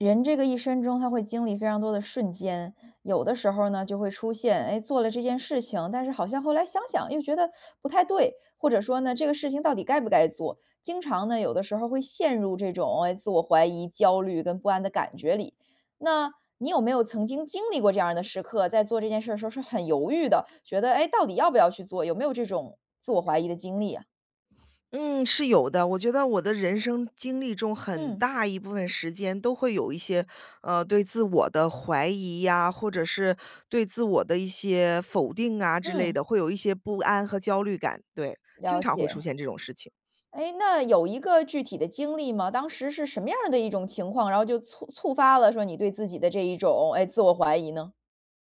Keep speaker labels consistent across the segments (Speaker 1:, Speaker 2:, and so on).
Speaker 1: 人这个一生中他会经历非常多的瞬间。有的时候儿呢，就会出现，诶，做了这件事情，但是好像后来想想又觉得 不太对。或者说呢，这个事情到底该不该做。经常呢，有的时候儿会陷入这种，哎，自我怀疑、焦虑跟不安的感觉里。那你有没有曾经经历过这样儿的时刻，在做这件事儿的时候是很犹豫的，觉得，哎，到底要不要去做，有没有这种自我怀疑的经历呀？
Speaker 2: 嗯，是有的。我觉得我的人生经历中很
Speaker 1: 嗯。
Speaker 2: 大一部分时间都会有一些，呃，对自我的怀疑呀，或者是对自我的一些否定啊之类
Speaker 1: 嗯。
Speaker 2: 的，会有一些不安和焦虑感。对，经
Speaker 1: 了
Speaker 2: 常会出
Speaker 1: 解。
Speaker 2: 现这种事情。
Speaker 1: 诶，那有一个具体的经历吗？当时是什么样儿的一种情况，然后就促触发了说你对自己的这一种，哎，自我怀疑呢？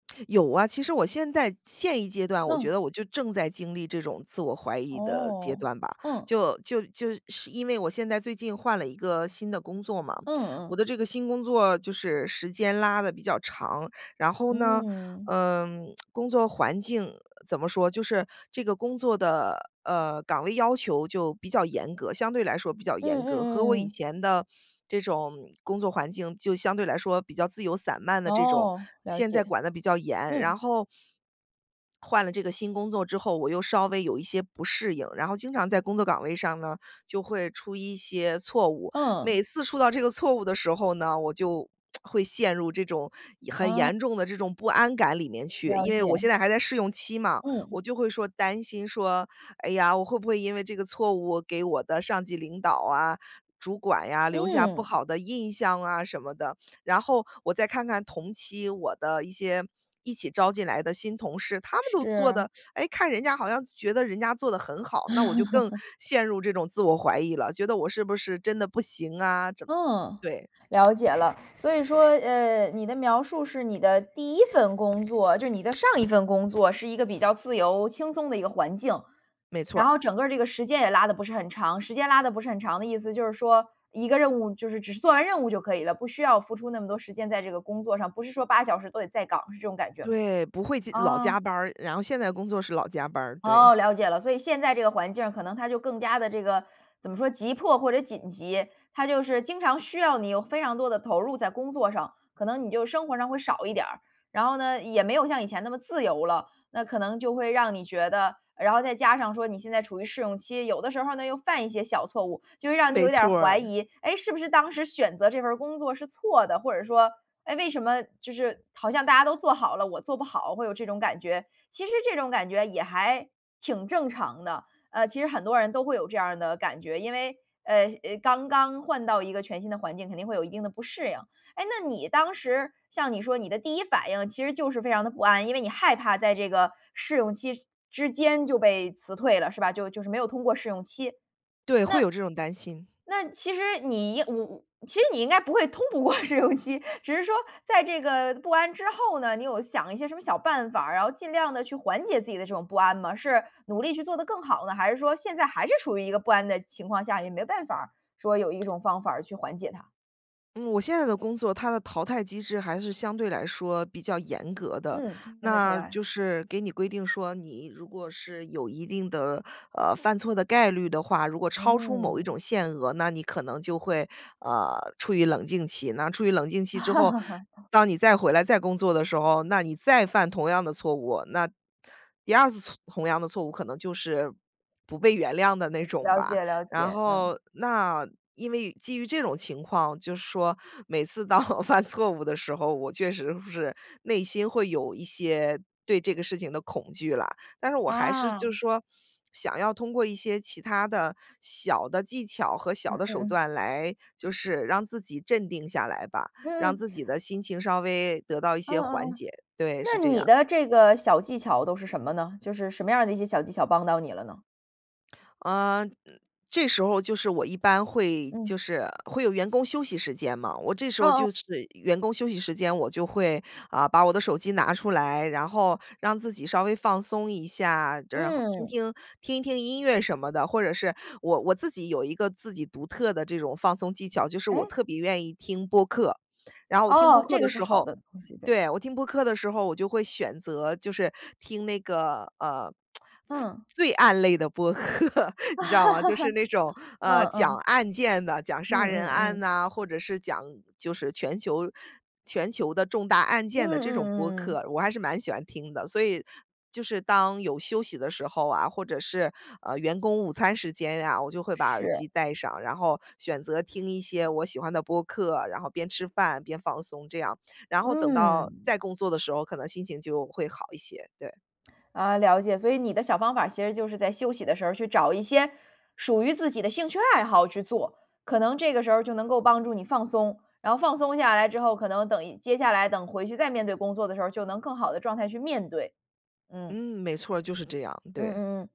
Speaker 2: 有啊，其实我现在现一阶段，我觉
Speaker 1: 嗯。
Speaker 2: 得我就正在经历这种自我怀疑的阶
Speaker 1: 哦，
Speaker 2: 段吧。
Speaker 1: 嗯。
Speaker 2: 就就就是因为我现在最近换了一个新的工作嘛。
Speaker 1: 嗯
Speaker 2: 我
Speaker 1: 嗯。
Speaker 2: 的这个新工作就是时间拉得比较长，然后呢，
Speaker 1: 嗯。
Speaker 2: 呃，工作环境怎么说，就是这个工作的，呃，岗位要求就比较严格，相对来说比较
Speaker 1: 嗯，
Speaker 2: 严
Speaker 1: 嗯，
Speaker 2: 格，
Speaker 1: 嗯
Speaker 2: 和我
Speaker 1: 嗯
Speaker 2: 以
Speaker 1: 嗯。
Speaker 2: 前的这种工作环境就相对来说比较自由散漫的这种，
Speaker 1: 哦，了
Speaker 2: 现在
Speaker 1: 解。
Speaker 2: 管得比较严。然
Speaker 1: 嗯。
Speaker 2: 后换了这个新工作之后，我又稍微有一些不适应，然后经常在工作岗位上呢，就会出一些错误。
Speaker 1: 嗯。
Speaker 2: 每次出到这个错误的时候呢，我就 会陷入这种很
Speaker 1: 哦。
Speaker 2: 严重的这种不安感里面去。
Speaker 1: 了
Speaker 2: 因为我
Speaker 1: 解。
Speaker 2: 现在还在试用期嘛，我
Speaker 1: 嗯。
Speaker 2: 就会说担心说，哎呀，我会不会因为这个错误，我给我的上级领导啊，主管呀，留下不
Speaker 1: 嗯。
Speaker 2: 好的印象啊什么的，然后我再看看同期我的一些一起招进来的新同事，他们都做
Speaker 1: 是。
Speaker 2: 的 诶，看人家好像觉得人家做得很好，那我就更 陷入这种自我怀疑了，觉得我是不是真的不行啊，真
Speaker 1: 嗯，
Speaker 2: 对。
Speaker 1: 了解了。所以说，呃，你的描述是你的第1份工作，就是你的上一份工作是一个比较自由轻松的一个环境。
Speaker 2: 没错
Speaker 1: 然
Speaker 2: 儿。
Speaker 1: 后整个这个时间也拉得不是很长。时间拉得不是很长的意思就是说，一个任务就是只是做完任务就可以了，不需要付出那么多时间在这个工作上，不是说8个小时都得在岗，是这种感觉吗？
Speaker 2: 对，不会加老加
Speaker 1: 啊。
Speaker 2: 班儿。然后现在工作是老加班儿，对。
Speaker 1: 哦，了解了。所以现在这个环境儿，可能它就更加地这个怎么说，急迫或者紧急，它就是经常需要你有非常多地投入在工作上，可能你就生活上会少一点儿。然后呢，也没有像以前那么自由了，那可能就会让你觉得然后再加上说你现在处于试用期，有的时候儿呢，又犯一些小错误，就会让你
Speaker 2: 没
Speaker 1: 有点儿
Speaker 2: 错
Speaker 1: 怀
Speaker 2: 儿。
Speaker 1: 疑，诶，是不是当时选择这份儿工作是错的？或者说，诶，为什么就是好像大家都做好了，我做不好，会有这种感觉。其实这种感觉也还挺正常的，呃，其实很多人都会有这样儿的感觉，因为，呃，呃，刚刚换到一个全新的环境，肯定会有一定的不适应。诶，那你当时像你说你的第1反应其实就是非常的不安，因为你害怕在这个试用期之间就被辞退了，是吧，就就是没有通过试用期。
Speaker 2: 对，会
Speaker 1: 那
Speaker 2: 有这种担心。
Speaker 1: 那其实你应嗯嗯，其实你应该不会通不过试用期，只是说在这个不安之后呢，你有想一些什么小办法儿，然后尽量地去缓解自己的这种不安吗？是努力去做得更好呢，还是说现在还是处于一个不安的情况下，也没办法儿说有一种方法儿去缓解它。
Speaker 2: 嗯，我现在的工作，它的淘汰机制还是相对来说比较严格的。
Speaker 1: 嗯，听得出
Speaker 2: 那
Speaker 1: 来。
Speaker 2: 就是给你规定说，你如果是有一定的，呃，犯错的概率的话，如果超出某一
Speaker 1: 嗯。
Speaker 2: 种限额，那你可能就会，呃，处于冷静期。那处于冷静期之后，当你再回来、再工作的时候，那你再犯同样的错误，那第2次错同样的错误可能就是不被原谅的那种
Speaker 1: 了
Speaker 2: 吧。
Speaker 1: 解了
Speaker 2: 然
Speaker 1: 解，嗯。
Speaker 2: 后那因为基于这种情况，就是说，每次当我犯错误的时候，我确实会是内心会有一些对这个事情的恐惧啦。但是我还是
Speaker 1: 啊。
Speaker 2: 就是说，想要通过一些其它的小的技巧和
Speaker 1: 嗯
Speaker 2: 小的
Speaker 1: 嗯
Speaker 2: 手
Speaker 1: 嗯。
Speaker 2: 段来就是让自己镇定下来吧，
Speaker 1: 嗯
Speaker 2: 让
Speaker 1: 嗯。
Speaker 2: 自己的心情稍微得到一
Speaker 1: 嗯
Speaker 2: 些缓
Speaker 1: 嗯嗯。
Speaker 2: 解，对，
Speaker 1: 那
Speaker 2: 是这样。
Speaker 1: 你的这个小技巧都是什么呢？就是什么样儿的一些小技巧帮到你了呢？
Speaker 2: 呃，这时候就是我一般会
Speaker 1: 嗯。
Speaker 2: 就是会有员工休息时间嘛，我这时
Speaker 1: 哦
Speaker 2: 候
Speaker 1: 哦。
Speaker 2: 就是员工休息时间，我就会，啊，把我的手机拿出来，然后让自己稍微放松一下，这然后听
Speaker 1: 嗯。
Speaker 2: 听听一听音乐什么的。或者是我我自己有一个自己独特的这种放松技巧，就是
Speaker 1: 诶？
Speaker 2: 我特别愿意听播客。然后我听播
Speaker 1: 哦，
Speaker 2: 客
Speaker 1: 这
Speaker 2: 的
Speaker 1: 个是
Speaker 2: 时
Speaker 1: 好
Speaker 2: 候
Speaker 1: 的东西，对。
Speaker 2: 对，我听播客的时候，我就会选择就是听那个，呃，犯
Speaker 1: 嗯。
Speaker 2: 罪案类的播客，你知道吗？就是 那种，
Speaker 1: 嗯
Speaker 2: 呃，讲
Speaker 1: 嗯。
Speaker 2: 案件的，讲
Speaker 1: 嗯
Speaker 2: 杀人
Speaker 1: 嗯
Speaker 2: 案
Speaker 1: 嗯。
Speaker 2: 呐，或者是讲就是全球全球的重大案
Speaker 1: 嗯
Speaker 2: 件的这种
Speaker 1: 嗯
Speaker 2: 播
Speaker 1: 嗯嗯。
Speaker 2: 客，我还是蛮喜欢听的。所以就是当有休息的时候啊，或者是，呃，员工午餐时间呀，我就会把耳
Speaker 1: 是。
Speaker 2: 机戴上，然后选择听一些我喜欢的播客，然后边吃饭、边放松这样。然后等到
Speaker 1: 嗯。
Speaker 2: 再工作的时候，可能心情就会好一些，对。
Speaker 1: 啊，了解。所以你的小方法儿其实就是在休息的时候，去找一些属于自己的兴趣爱好去做，可能这个时候儿就能够帮助你放松，然后放松下来之后，可能等一接下来等回去再面对工作的时候，就能更好的状态去面对。嗯。
Speaker 2: 嗯，没错儿，就是这样，
Speaker 1: 嗯
Speaker 2: 对。
Speaker 1: 嗯嗯，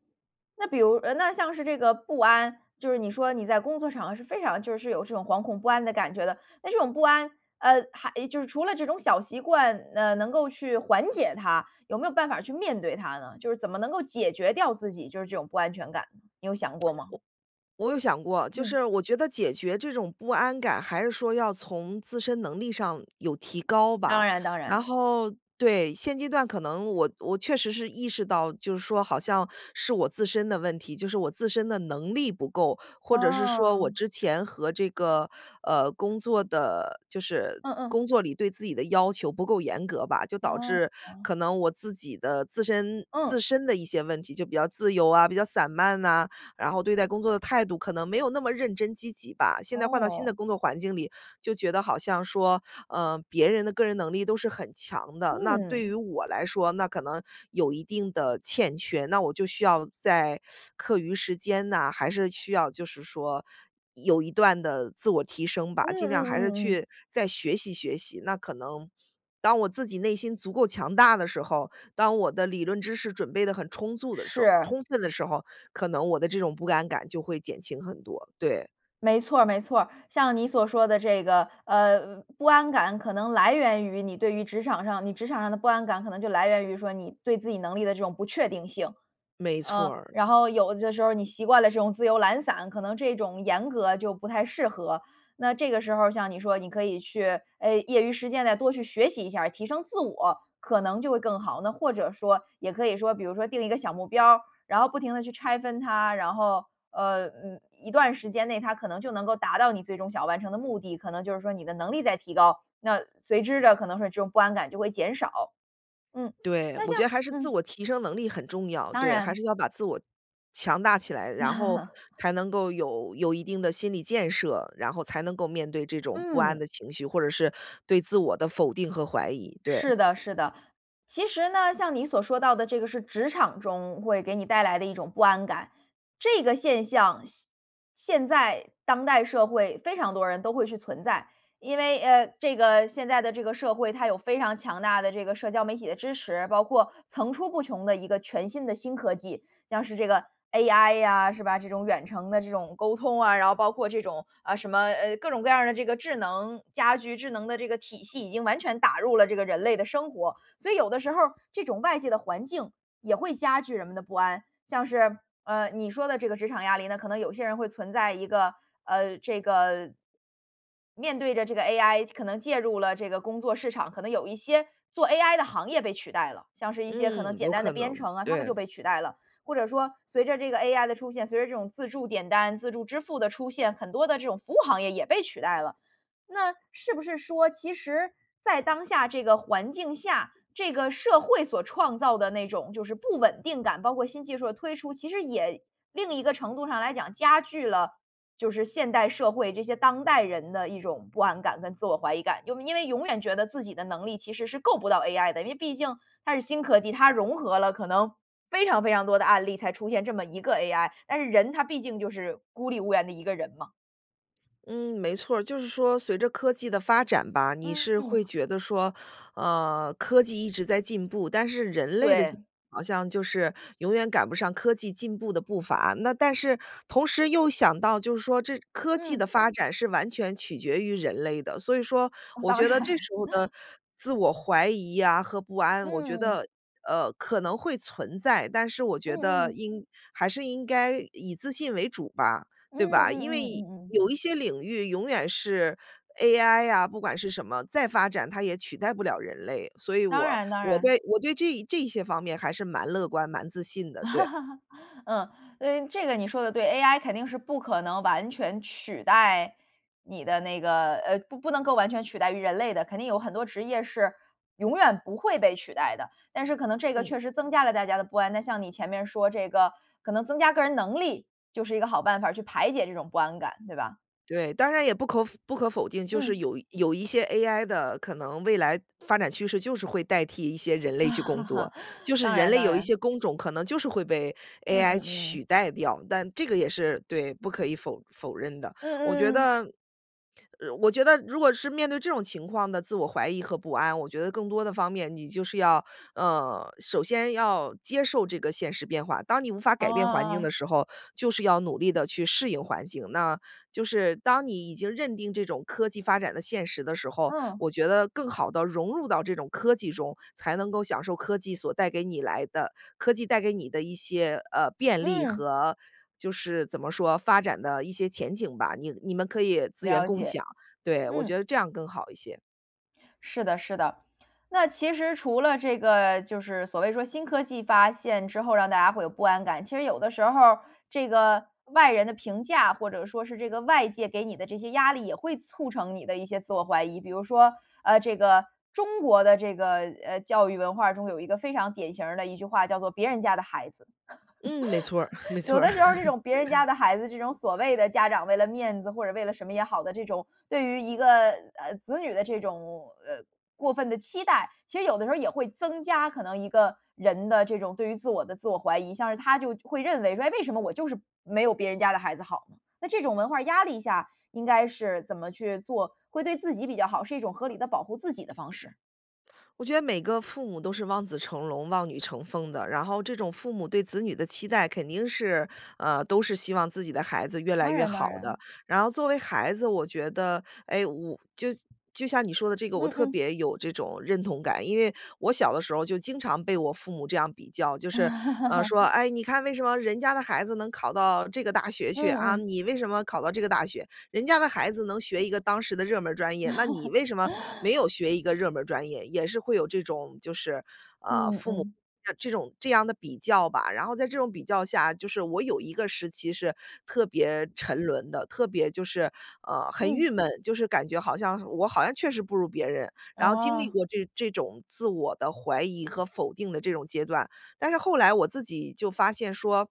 Speaker 1: 那比如呃，那像是这个不安，就是你说你在工作场合是非常就是有这种惶恐不安的感觉的。那这种不安，呃，还就是除了这种小习惯，呃，能够去缓解它，有没有办法去面对它呢？就是怎么能够解决掉自己就是这种不安全感，你有想过吗？
Speaker 2: 我我有想过，就
Speaker 1: 嗯。
Speaker 2: 是我觉得解决这种不安感，还是说要从自身能力上有提高
Speaker 1: 当
Speaker 2: 吧，
Speaker 1: 然当
Speaker 2: 然
Speaker 1: 然。
Speaker 2: 后对。现阶段可能我我确实是意识到，就是说好像是我自身的问题，就是我自身的能力不够，或者是说我
Speaker 1: 哦。
Speaker 2: 之前和这个，呃，工作的就是
Speaker 1: 嗯嗯。
Speaker 2: 工作里对自己的要求不够严格吧，就导致
Speaker 1: 哦。
Speaker 2: 可能我自己的自身
Speaker 1: 嗯。
Speaker 2: 自身的一些问题，就比较自由啊，比较散漫呐，然后对待工作的态度可能没有那么认真积极吧。现在换到新的
Speaker 1: 哦。
Speaker 2: 工作环境里，就觉得好像说，呃，别人的个人能力都是很强的，那对于
Speaker 1: 嗯。
Speaker 2: 我来说，那可能有一定的欠缺，那我就需要在 课余时间呐，还是需要就是说有一段的自我提升吧。
Speaker 1: 嗯
Speaker 2: 尽
Speaker 1: 嗯
Speaker 2: 量还
Speaker 1: 嗯
Speaker 2: 是
Speaker 1: 嗯嗯。
Speaker 2: 去再学习学习。那可能当我自己内心足够强大的时候，当我的理论知识准备得很充足的时候
Speaker 1: 是。
Speaker 2: 充分的时候，可能我的这种不安感就会减轻很多，对。
Speaker 1: 没错儿没错儿，像你所说的这个，呃，不安感可能来源于你对于职场上你职场上的不安感，可能就来源于说你对自己能力的这种不确定性。
Speaker 2: 没错
Speaker 1: 嗯，
Speaker 2: 儿。
Speaker 1: 然后有的时候你习惯了这种自由懒散，可能这种严格就不太适合，那这个时候像你说，你可以去，哎，业余时间呢，多去学习一下儿提升自我，可能就会更好。那或者说也可以说比如说定一个小目标儿，然后不停地去拆分它，然后，呃，嗯，一段时间内，它可能就能够达到你最终想完成的目的，可能就是说你的能力在提高，那随之的可能是这种不安感就会减少。嗯，
Speaker 2: 对，
Speaker 1: 那
Speaker 2: 我
Speaker 1: 像
Speaker 2: 觉得还是自
Speaker 1: 嗯。
Speaker 2: 我提升能力很重要。
Speaker 1: 当
Speaker 2: 对，还
Speaker 1: 然。
Speaker 2: 是要把自我强大起来，然后 才能够有有一定的心理建设，然后才能够面对这种不安
Speaker 1: 嗯。
Speaker 2: 的情绪，或者是对自我的否定和怀疑，对。
Speaker 1: 是的是的。其实呢，像你所说到的这个是职场中会给你带来的一种不安感，这个现象，现现在当代社会非常多人都会是存在。因为，呃，这个现在的这个社会，它有非常强大的这个社交媒体的支持，包括层出不穷的一个全新的新科技，像是这个 AI 呀，是吧，这种远程的这种沟通啊，然后包括这种，啊，什么，呃，各种各样儿的这个智能家居，智能的这个体系已经完全打入了这个人类的生活，所以有的时候儿这种外界的环境也会加剧人们的不安。像是，呃，你说的这个职场压力呢，可能有些人会存在一个，呃，这个面对着这个 AI，可能介入了这个工作市场，可能有一些做 AI 的行业被取代了，像是一些可能
Speaker 2: 嗯，
Speaker 1: 简
Speaker 2: 有
Speaker 1: 单的
Speaker 2: 可
Speaker 1: 编
Speaker 2: 能，
Speaker 1: 程啊，他们就
Speaker 2: 对。
Speaker 1: 被取代了。或者说随着这个 AI 的出现，随着这种自助点单、自助支付的出现，很多的这种服务行业也被取代了。那是不是说其实在当下这个环境下，这个社会所创造的那种就是不稳定感，包括新技术的推出，其实也另一个程度上来讲，加剧了，就是现代社会这些当代人的一种不安感跟自我怀疑感。又因为永远觉得自己的能力其实是够不到 AI 的，因为毕竟它是新科技，它融合了可能非常非常多的案例，才出现这么一个 AI，但是人他毕竟就是孤立无援的一个人嘛。
Speaker 2: 嗯，没错儿。就是说随着科技的发展吧，你是会
Speaker 1: 嗯。
Speaker 2: 觉得说，呃，科技一直在进步，但是人类的进
Speaker 1: 对。
Speaker 2: 步好像就是永远赶不上科技进步的步伐。那但是同时又想到就是说这科技的
Speaker 1: 嗯。
Speaker 2: 发展是完全取决于人类的，所以说，我
Speaker 1: 当
Speaker 2: 觉得这
Speaker 1: 然。
Speaker 2: 时候的 自我怀疑呀和不安，我觉
Speaker 1: 嗯。
Speaker 2: 得，呃，可能会存在。但是我觉
Speaker 1: 嗯
Speaker 2: 得
Speaker 1: 嗯。
Speaker 2: 应还是应该以自信为主吧，
Speaker 1: 嗯
Speaker 2: 对吧？因
Speaker 1: 嗯嗯
Speaker 2: 为，
Speaker 1: 嗯嗯。
Speaker 2: 有一些领域永远是 ai 呀，不管是什么再发展它也取代不了人类。所以
Speaker 1: 当
Speaker 2: 我
Speaker 1: 然当
Speaker 2: 我
Speaker 1: 然。
Speaker 2: 对我对这一这一些方面还是蛮乐观、蛮自信的，对。
Speaker 1: 嗯，呃，这个你说得对，ai 肯定是不可能完全取代你的那个呃，不不能够完全取代于人类的，肯定有很多职业是永远不会被取代的。但是可能这个
Speaker 2: 嗯。
Speaker 1: 确实增加了大家的不安，那像你前面说这个，可能增加个人能力，就是一个好办法儿，去排解这种不安感，对吧？
Speaker 2: 对，当然也不可否不可否定，就是
Speaker 1: 嗯。
Speaker 2: 有有一些 ai 的可能未来发展趋势就是会代替一些人类去工作，就 是
Speaker 1: 当
Speaker 2: 人
Speaker 1: 然
Speaker 2: 类
Speaker 1: 当
Speaker 2: 有一
Speaker 1: 然。
Speaker 2: 些工种可能就是会被
Speaker 1: 嗯
Speaker 2: ai
Speaker 1: 嗯嗯。
Speaker 2: 取代掉。但这个也是对，不可以否否认的。我觉
Speaker 1: 嗯嗯。
Speaker 2: 得我觉得如果是面对这种情况的自我怀疑和不安，我觉得更多的方面，你就是要，呃，首先要接受这个现实变化。当你无法
Speaker 1: 哦
Speaker 2: 改变环境的
Speaker 1: 哦。
Speaker 2: 时候，就是要努力地去适应环境。那就是当你已经认定这种科技发展的现实的时候，
Speaker 1: 嗯。
Speaker 2: 我觉得更好地融入到这种科技中，才能够享受科技所带给你来的科技带给你的一些，呃，便利
Speaker 1: 嗯。
Speaker 2: 和就是怎么说，发展的一些前景吧。你你们可以资源
Speaker 1: 了
Speaker 2: 共
Speaker 1: 解，
Speaker 2: 享，对，我
Speaker 1: 嗯。
Speaker 2: 觉得这样更好一些。
Speaker 1: 是的是的。那其实除了这个就是所谓说新科技发现之后，让大家会有不安感。其实有的时候儿，这个外人的评价，或者说是这个外界给你的这些压力，也会促成你的一些自我怀疑。比如说，呃，这个中国的这个，呃，教育文化中有一个非常典型儿的一句话叫作“别人家的孩子”。
Speaker 2: 嗯，没错儿，没 错
Speaker 1: 有
Speaker 2: 儿。
Speaker 1: 的时候儿这种别人家 的孩子，这种所谓的家长为了面子或者为了什么也好的这种，对于一个，呃，子女的这种，呃，过分的期待。其实有的时候儿也会增加可能一个人的这种对于自我的自我怀疑。像是他就会认为说：“诶，为什么我就是没有别人家的孩子好？”那这种文化压力下，应该是怎么去做会对自己比较好，是一种合理地保护自己的方式？
Speaker 2: 我觉得每个父母都是望子成龙、望女成凤的。然后这种父母对子女的期待肯定是呃，都是希望自己的孩子越来
Speaker 1: 当
Speaker 2: 越
Speaker 1: 然
Speaker 2: 好
Speaker 1: 当
Speaker 2: 的。
Speaker 1: 然。
Speaker 2: 然后作为孩子我觉得，哎，我就就像你说的这个，我
Speaker 1: 嗯
Speaker 2: 特
Speaker 1: 嗯。
Speaker 2: 别有这种认同感。因为我小的时候就经常被我父母这样比较，就是，呃，说：“哎，你看为什么人家的孩子能考到这个大学
Speaker 1: 嗯
Speaker 2: 去，啊，
Speaker 1: 嗯。
Speaker 2: 你为什么考到这个大学？人家的孩子能学一个当时的热门儿专业，那你为什么没 有学一个热门儿专业？”也是会有这种就是，呃，父
Speaker 1: 嗯，嗯。
Speaker 2: 母 [unintelligible] 这种这样的比较吧。然后在这种比较下就是我有一个时期是特别沉沦的，特别就是呃，很郁
Speaker 1: 嗯。
Speaker 2: 闷，就是感觉好像我好像确实不如别人。然后经历
Speaker 1: 哦。
Speaker 2: 过这这种自我的怀疑和否定的这种阶段，但是后来我自己就发现说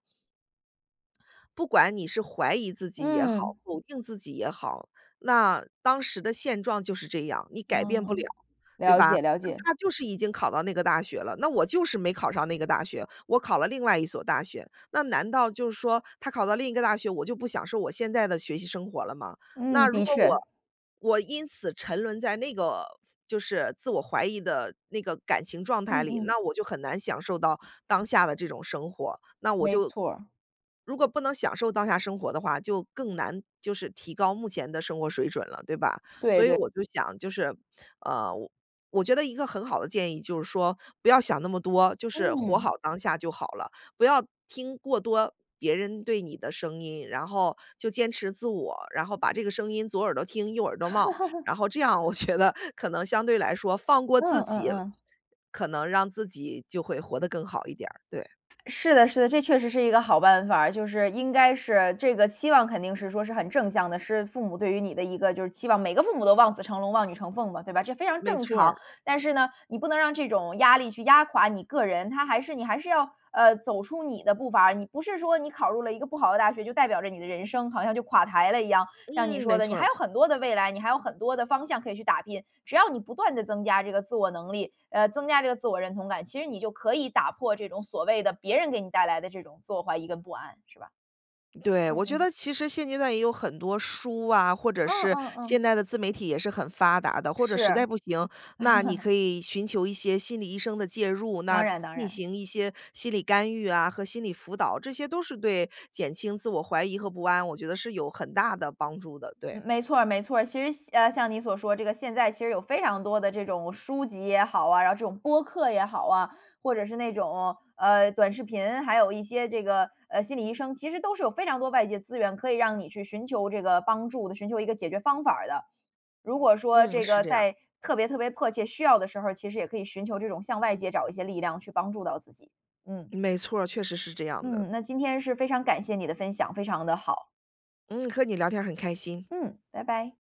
Speaker 2: 不管你是怀疑自己也好，
Speaker 1: 嗯。
Speaker 2: 否定自己也好，那当时的现状就是这样，你改变不
Speaker 1: 嗯，
Speaker 2: 了，对
Speaker 1: 了
Speaker 2: 吧？
Speaker 1: 解了
Speaker 2: 那
Speaker 1: 解。
Speaker 2: 他就是已经考到那个大学了，那我就是没考上那个大学，我考了另外一所大学。那难道就是说，他考到另一个大学，我就不享受我现在的学习生活了吗？那
Speaker 1: 嗯，
Speaker 2: 如
Speaker 1: 的
Speaker 2: 果我
Speaker 1: 确。
Speaker 2: 我因此沉沦在那个夫就是自我怀疑的那个感情状态
Speaker 1: 嗯
Speaker 2: 里，
Speaker 1: 嗯。
Speaker 2: 那我就很难享受到当下的这种生活。那我
Speaker 1: 没
Speaker 2: 就
Speaker 1: 错儿。
Speaker 2: 如果不能享受当下生活的话，就更难就是提高目前的生活水准了，对吧？所
Speaker 1: 对
Speaker 2: 以
Speaker 1: 对。
Speaker 2: 我就想，就是呃，我我觉得一个很好的建议就是说，不要想那么多，就是活
Speaker 1: 嗯。
Speaker 2: 好当下就好了。不要听过多别人对你的声音，然后就坚持自我，然后把这个声音左耳朵听，右耳朵冒。然后这样我觉得可能相对来说放过自
Speaker 1: 嗯，嗯
Speaker 2: 己，
Speaker 1: 嗯。
Speaker 2: 可能让自己就会活得更好一点儿，对。
Speaker 1: 是的是的，这确实是一个好办法儿。就是应该是这个期望肯定是说是很正向的，是父母对于你的一个就是期望。每个父母都望子成龙、望女成凤嘛，对吧？这非常
Speaker 2: 没
Speaker 1: 正
Speaker 2: 错
Speaker 1: 常。
Speaker 2: 儿。
Speaker 1: 但是呢，你不能让这种压力去压垮你个人，他还是你还是要，呃，走出你的步伐。你不是说你考入了一个不好的大学，就代表着你的人生好像就垮台了一样。像你
Speaker 2: 嗯，没
Speaker 1: 说的，你
Speaker 2: 错
Speaker 1: 还
Speaker 2: 儿。
Speaker 1: 有很多的未来，你还有很多的方向可以去打拼。只要你不断地增加这个自我能力，呃，增加这个自我认同感，其实你就可以打破这种所谓的别人给你带来的这种自我怀疑跟不安，是吧？
Speaker 2: 对，
Speaker 1: 嗯
Speaker 2: 我觉
Speaker 1: 嗯。
Speaker 2: 得其实现阶段也有很多书啊，或者
Speaker 1: 嗯，
Speaker 2: 是
Speaker 1: 嗯，
Speaker 2: 现
Speaker 1: 嗯。
Speaker 2: 代的自媒体也是很发达的。或者
Speaker 1: 是。
Speaker 2: 实在不行，那你 可以寻求一些心理医生的介入，
Speaker 1: 当
Speaker 2: 那
Speaker 1: 然当
Speaker 2: 进
Speaker 1: 然。
Speaker 2: 行一些心理干预啊和心理辅导。这些都是对减轻自我疑和不安，我觉得是有很大的帮助的，对。
Speaker 1: 嗯，没错儿没错儿。其实像呃，像你所说这个现在其实有非常多的这种书籍也好啊，然后这种播客也好啊，或者是那种，呃，短视频，还有一些这个，呃，心理医生，其实都是有非常多外界资源可以让你去寻求这个帮助的，寻求一个解决方法儿的。如果说
Speaker 2: 嗯，
Speaker 1: 这
Speaker 2: 是
Speaker 1: 个
Speaker 2: 这样。
Speaker 1: 在特别特别迫切需要的时候，其实也可以寻求这种向外界找一些力量去帮助到自己。嗯。
Speaker 2: 没错儿，确实是这样的。
Speaker 1: 嗯，那今天是非常感谢你的分享，非常的好。
Speaker 2: 嗯，和你聊天儿很开心。
Speaker 1: 嗯，拜拜。